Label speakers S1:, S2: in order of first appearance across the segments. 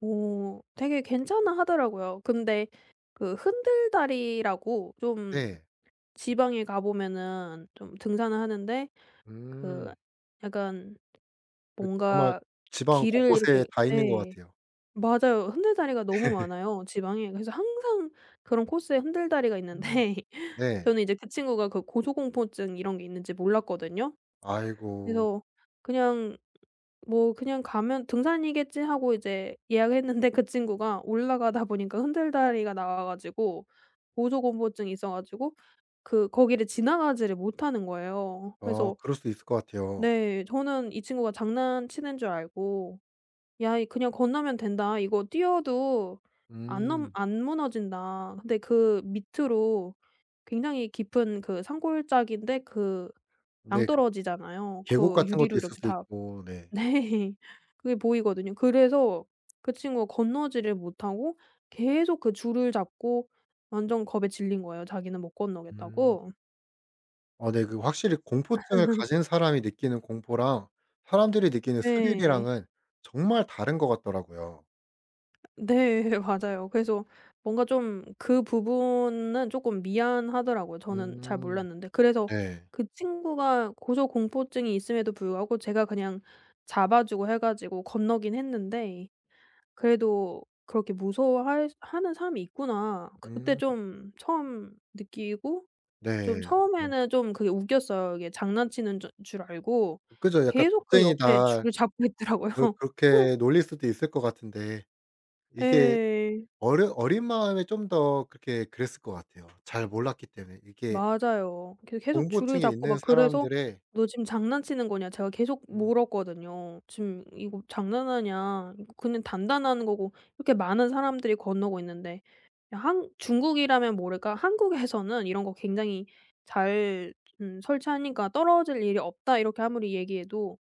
S1: 어, 되게 괜찮아하더라고요. 근데 그 흔들 다리라고 좀
S2: 네.
S1: 지방에 가보면은 좀 등산을 하는데 그
S2: 음.
S1: 약간
S2: 그 정말
S1: 뭔가
S2: 지방
S1: 길을
S2: 곳곳에
S1: 이렇게
S2: 다 있는 것
S1: 네
S2: 같아요.
S1: 맞아요. 흔들 다리가 너무 많아요 지방에. 그래서 항상 그런 코스에 흔들다리가
S2: 음.
S1: 있는데
S2: 네.
S1: 저는 이제 그 친구가 그 고소공포증 이런 게 있는지 몰랐거든요.
S2: 아이고.
S1: 그래서 그냥 뭐 그냥 가면 등산이겠지 하고 이제 예약을 했는데 그 친구가 올라가다 보니까 흔들 다리가 나와 가지고 고조공포증이 있어 가지고 그 거기를 지나가지를 못하는 거에요.
S2: 어
S1: 그래서
S2: 그럴 수도 있을 것 같아요.
S1: 네. 저는 이 친구가 장난치는 줄 알고 "야 이 그냥 건너면 된다. 이거 뛰어도 안 넘
S2: 음.
S1: 안 무너진다." 근데 그 밑으로 굉장히 깊은 그 산골짜기인데 그
S2: 네 그
S1: 낭떠러지잖아요.
S2: 계곡
S1: 그
S2: 같은
S1: 유리로
S2: 것도 있을
S1: 이렇게
S2: 수
S1: 다
S2: 있고. 네.
S1: 네. 그게 보이거든요. 그래서 그 친구가 건너오지를 못하고 계속 그 줄을 잡고 완전 겁에 질린 거예요. 자기는 못
S2: 음.
S1: 건너겠다고.
S2: 아 네 그 확실히 공포증을 가진 사람이 느끼는 공포랑 사람들이 느끼는
S1: 네.
S2: 스릴이랑은 정말 다른 것 같더라고요.
S1: 네. 맞아요. 그래서 뭔가 좀 그 부분은 조금 미안하더라고요. 저는 잘
S2: 음
S1: 몰랐는데. 그래서
S2: 네.
S1: 그 친구가 고소공포증이 있음에도 불구하고 제가 그냥 잡아주고 해 가지고 건너긴 했는데 그래도 '그렇게 무서워 할 하는 사람이 있구나.' 그때
S2: 음.
S1: 좀 처음 느끼고
S2: 네.
S1: 좀
S2: 아 어.
S1: 처음에는 좀 그게 웃겼어요. 이게 장난치는 줄 줄 알고
S2: 그죠. 약간
S1: 계속 그 옆에
S2: 겁쟁이다.
S1: 줄을 잡고 있더라고요.
S2: 그렇 그렇게 놀릴 수도 있을 것 같은데 이게
S1: 예.
S2: 어려 어린 마음에 좀 더 그렇게 그랬을 것 같아요. 잘 몰랐기 때문에. 이게
S1: 맞아요. 이렇게 계속 줄을
S2: 공포증이
S1: 잡고
S2: 있는
S1: 막 그래서
S2: 사람들의
S1: "너 지금 장난치는 거냐?" 제가 계속
S2: 음.
S1: 물었거든요. "지금 이거 장난하냐? 이거 그냥 단단한 거고. 이렇게 많은 사람들이 건너고 있는데 이 한 중국이라면 모를까? 한국에서는 이런 거 굉장히 잘 좀 설치하니까 떨어질 일이 없다." 이렇게 아무리 얘기해도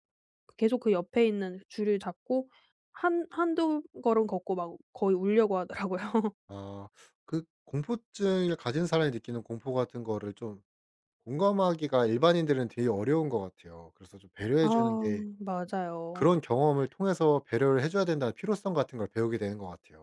S1: 그 계속 그 옆에 있는 줄을 잡고 한 1-2 걸음 걷고 막 거의 울려고 하더라고요.
S2: 아 그 공포증을 가진 사람이 느끼는 공포 같은 거를 좀 공감하기가 일반인들은 되게 어려운 것 같아요. 그래서 좀
S1: 아
S2: 배려해 주는 게,
S1: 맞아요.
S2: 그런 경험을 통해서 배려를 해 줘야 된다는 필요성 같은 걸 배우게 되는 것 같아요.